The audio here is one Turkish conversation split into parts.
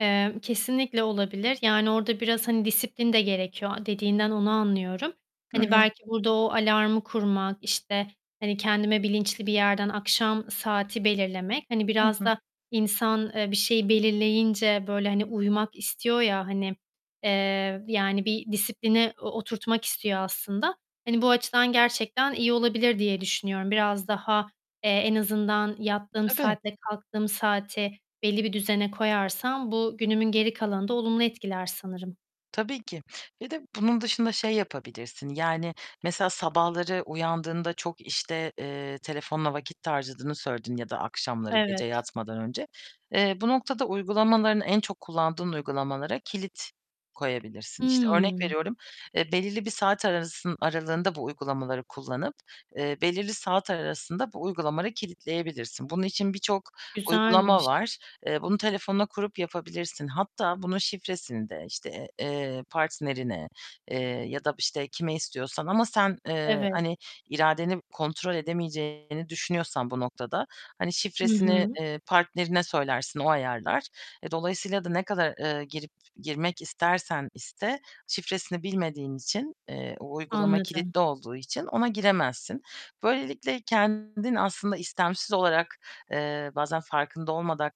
Eee, kesinlikle olabilir. Yani orada biraz, hani, disiplin de gerekiyor. Dediğinden onu anlıyorum. Hı Hani hı. belki, burada o alarmı kurmak, işte, hani, kendime bilinçli bir yerden akşam saati belirlemek, hani, Hı biraz hı. da insan, eee, bir şeyi belirleyince böyle, hani, uymak istiyor ya, hani, eee, yani bir disiplini o oturtmak istiyor aslında. Hani bu açıdan gerçekten iyi olabilir diye düşünüyorum. Biraz daha, eee, en azından, yattığım Tabii. saat ile kalktığım saati belli bir düzene koyarsam bu günümün geri kalanını da olumlu etkiler sanırım. Tabii ki ve de bunun dışında şey yapabilirsin: Yani mesela sabahları uyandığında çok, işte, eee, telefonla vakit harcadığını söyledin ya da akşamları gece Evet. yatmadan önce. Eee, bu noktada uygulamaların en çok kullandığın uygulamalara kilit koyabilirsin. İşte, örnek Hıı. veriyorum, eee, belirli bir saat arası aralığında bu uygulamaları kullanıp, eee, belirli saat arasında bu uygulamaları kilitleyebilirsin. Bunun için birçok uygulama Güzelmiş. var. Eee, bunu telefonuna kurup yapabilirsin. Hatta bunun şifresini de, işte, eee, partnerine, eee, ya da, işte, kime istiyorsan ama sen, eee, Evet. hani iradeni kontrol edemeyeceğini düşünüyorsan bu noktada; hani Hı şifresini, hı. eee, partnerine söylersin, o ayarlar. E, dolayısıyla da ne kadar, eee, girip girmek istersen iste, şifresini bilmediğin için, eee, o uygulama Anladım. kilitli olduğu için ona giremezsin. Böylelikle kendin aslında istemsiz olarak, eee, bazen farkında olmadan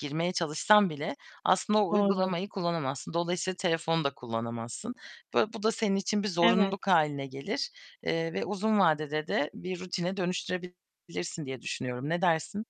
girmeye çalışsan bile aslında o Doğru. uygulamayı kullanamazsın. Dolayısıyla telefonu da kullanamazsın. Böyle bu da senin için bir Evet. zorunluluk hâline gelir, eee, ve uzun vadede de bir rutine dönüştürebilirsin diye düşünüyorum. Ne dersin?